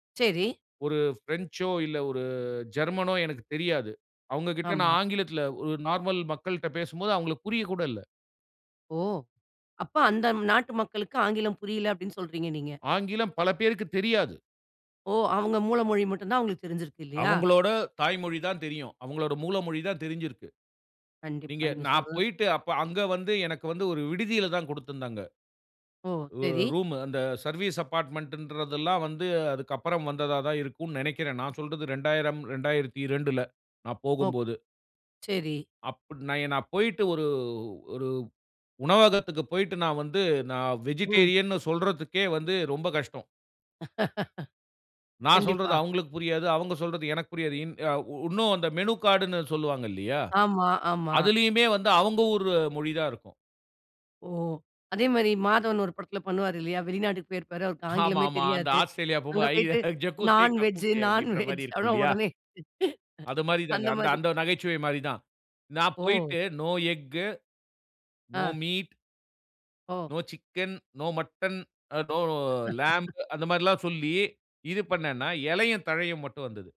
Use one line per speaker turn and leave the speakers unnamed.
செரி.
ஒரு ஸ் பிரெஞ்சோ இல்ல ஒரு ஜெர்மனோ எனக்கு தெரியாது. அவங்க கிட்ட
ஆமா.
நான் ஆங்கிலத்துல ஒரு நார்மல் மக்கள்ட்ட பேசும்போது அவங்களுக்கு புரிய கூட இல்ல.
ஓ! அப்ப அந்த ம் நாட்டு மக்களுக்கு ஆங்கிலம் புரில அப்டின்னு சொல்றீங்க நீங்க.
ஆங்கிலம் பலபேருக்குத் தெரியாது.
ஒ! அவங்க மூல மொழி மட்டும் தான் அவங்களுக்கு தெரிஞ்சிருக்கு இல்லையா?
அவங்களோட தாய்மொழி தான் தெரியும். அவங்களோட மூல மொழி தான் தெரிஞ்சிருக்கு.
கண்டிப்பா
நீங்க
நீங்க
நான்
சொல்றது
போயிட்டு அப்ப அங்க வந்து எனக்கு வந்து ஒரு விடுதியில தான் குடுத்திருந்தாங்க.
ஓ!
அ
செரி.
ரூமு, அந்த சர்வீஸ் அப்பார்ட்மென்ட்ன்றதெல்லாம் வந்து அதுக்கப்பறம் வந்ததா தான் இருக்கும்னு நெனைக்கிறேன். நான் சொல்றது 2000, 2002ல நான்
ஒ!
போகும்போது.
செரி.
அப் நான் இன்னா போயிட்டு ஒரு ஒரு உணவகத்துக்கு போயிட்டு நான் வந்து, நான்
ம்.
வெஜிடேரியன்னு சொல்றதுக்கே வந்து ரொம்ப கஷ்டம். நான்
கண்டிப்பா.
சொல்றது அவங்களுக்கு புரியாது. அவங்க சொல்றது எனக்கு புரியாது. இன் அ -உ இன்னும் அந்த மெனு கார்டுனு சொல்லுவாங்க இல்லையா?
ஆமா ஆமா.
அதுலயுமே வந்து அவங்க ஊர் மொழி தான் இருக்கும்.
ஓ! அதே மாரி மாதவன் ஒரு படத்துல பண்ணுவாரு இல்லையா? வெளிநாட்டுக்கு போயிருப்பாரு, அவருக்கு
ஆமா,
ஆங்கிலமே
ஆமா. அந்த
தெரியாது.
ஆஸ்திரேலியா
அங்க
போகும்போது
போயிட்டு
ஐ ஜக்குசே
"நான் வெஜ்,
கக்குசே
நான்
அப்டின்ற மாரி
வெஜ்"
இருக்கும்
அவனோ
இல்லையா?
ஒடனே
அது மாரிதாங்க.
அந்த
அந்த
மாரி.
அந்த நகைச்சுவை மாரி தான். நான்
ஓ!
போயிட்டு "நோ எக்கு, நோ
அ.
மீட்,
ஒ!
நோ சிக்கன், நோ மட்டன், அ நோ லேம்ப்" அந்த மாரில்லாம் சொல்லி, இது பண்ணேன்னா எலையும் தழையும் மட்டும் வந்தது.